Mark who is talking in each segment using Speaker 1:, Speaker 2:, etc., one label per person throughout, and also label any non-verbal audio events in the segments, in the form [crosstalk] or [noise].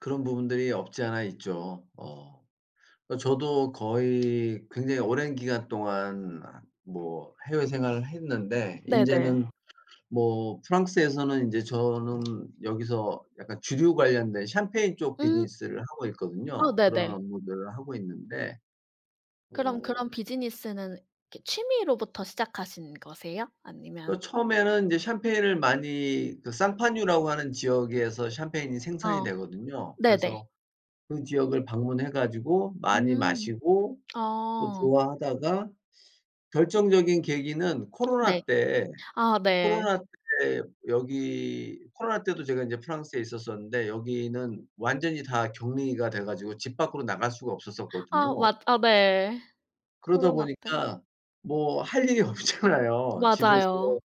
Speaker 1: 그런 부분들이 없지 않아 있죠. 어. 어 저도 거의 굉장히 오랜 기간 동안 뭐 해외 생활을 했는데 인제
Speaker 2: 네네.
Speaker 1: 는 뭐 프랑스에서는 인제 저는 여기서 약간 주류 관련된 샴페인 쪽
Speaker 2: 음.
Speaker 1: 비즈니스를 하고
Speaker 2: 아
Speaker 1: 있거든요. 그런
Speaker 2: 네네.
Speaker 1: 업무들을 하고 있는데.
Speaker 2: 그럼
Speaker 1: 어.
Speaker 2: 그런 비즈니스는 이렇게 취미로부터 시작하신 거세요?
Speaker 1: 어
Speaker 2: 아니면
Speaker 1: 처음에는 인제 샴페인을 많이 그 상파뉴라고 하는 지역에서 샴페인이 생산이
Speaker 2: 어.
Speaker 1: 되거든요.
Speaker 2: 네네.
Speaker 1: 그래서 그 지역을 방문해 가지고 많이
Speaker 2: 음.
Speaker 1: 마시고 또
Speaker 2: 아.
Speaker 1: 좋아하다가 결정적인 계기는
Speaker 2: 네.
Speaker 1: 코로나 때
Speaker 2: 아 네.
Speaker 1: 코로나 때 여기 코로나 때도 제가 인제 프랑스에 있었었는데 여기는 완전히 다 격리가 돼 가지고 집 밖으로 나갈 수가
Speaker 2: 아
Speaker 1: 없었었거든요.
Speaker 2: 맞 아 네.
Speaker 1: 그러다
Speaker 2: 코로나 때.
Speaker 1: 보니까 뭐 할 일이 없잖아요. 집에서
Speaker 2: 맞아요.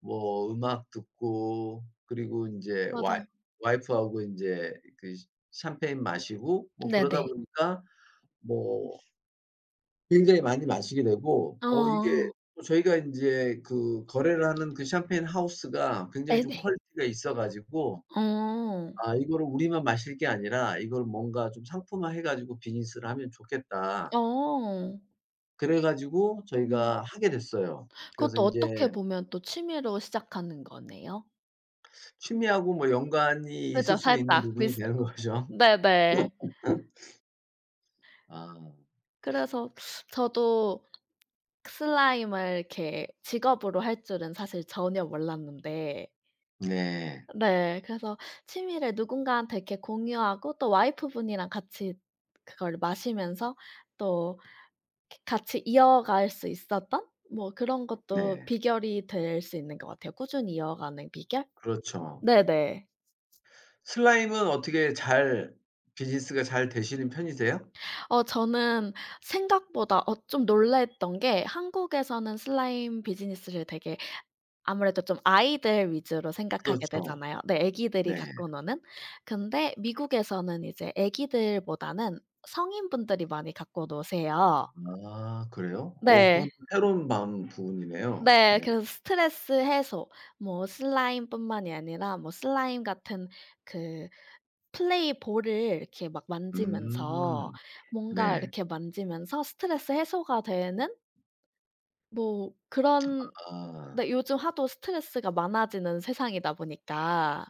Speaker 1: 뭐 음악 듣고 그리고 인제 와이
Speaker 2: 맞아요.
Speaker 1: 와이프하고 인제 그 샤 샴페인 마시고 뭐 그러다
Speaker 2: 네네.
Speaker 1: 보니까 뭐 굉장히 많이 마시게 되고 어 이게
Speaker 2: 어.
Speaker 1: 또 저희가 인제 그 거래를 하는 그 샴페인 하우스가 굉장히 좀
Speaker 2: 네네.
Speaker 1: 퀄리티가 있어 가지고
Speaker 2: 어.
Speaker 1: '아, 이거를 우리만 마실 게 아니라 이걸 뭔가 좀 상품화해 가지고 비즈니스를 하면 좋겠다.'
Speaker 2: 어.
Speaker 1: 그래 가지고
Speaker 2: 음.
Speaker 1: 저희가 하게 됐어요. 그래서
Speaker 2: 그것도 어떻게
Speaker 1: 인제
Speaker 2: 보면 또 취미로 시작하는 거네요?
Speaker 1: 취미하고 뭐 연관이 있을
Speaker 2: 그죠.
Speaker 1: 수 있는
Speaker 2: 살짝
Speaker 1: 부분이
Speaker 2: 비슷
Speaker 1: 되는거죠.
Speaker 2: 네네.
Speaker 1: [laughs] 아.
Speaker 2: 그래서 저도 슬라임을 이렇게 직업으로 할 줄은 사실 전혀 몰랐는데
Speaker 1: 네.
Speaker 2: 네. 그래서 취미를 누군가한테 이렇게 공유하고 또 와이프 분이랑 같이 그걸 마시면서 또 이렇게 같이 이어갈 수 있었던 뭐 그런 것도
Speaker 1: 네.
Speaker 2: 비결이 될 수 있는 것 같아요. 꾸준히 이어가는 비결?
Speaker 1: 그렇죠.
Speaker 2: 네네.
Speaker 1: 슬라임은 어떻게 잘 비즈니스가 잘 되시는 편이세요?
Speaker 2: 어 저는 생각보다 어 좀 놀랐던 게 한국에서는 슬라임 비즈니스를 되게 아무래도 좀 아이들 위주로 생각하게
Speaker 1: 그렇죠.
Speaker 2: 되잖아요. 네. 애기들이
Speaker 1: 네.
Speaker 2: 갖고 노는. 근데 미국에서는 이제 아기들보다는 성인 분들이 많이 갖고 노세요.
Speaker 1: 아 그래요? 어 그것도
Speaker 2: 네.
Speaker 1: 새로운 방 부분이네요.
Speaker 2: 네.
Speaker 1: 네.
Speaker 2: 그래서 스트레스 해소 뭐 슬라임뿐만이 아니라 뭐 슬라임 같은 그 플레이볼을 이렇게 막 만지면서
Speaker 1: 음.
Speaker 2: 뭔가
Speaker 1: 네.
Speaker 2: 이렇게 만지면서 스트레스 해소가 되는 뭐 그런
Speaker 1: 아.
Speaker 2: 네 요즘 하도 스트레스가 많아지는 세상이다 보니까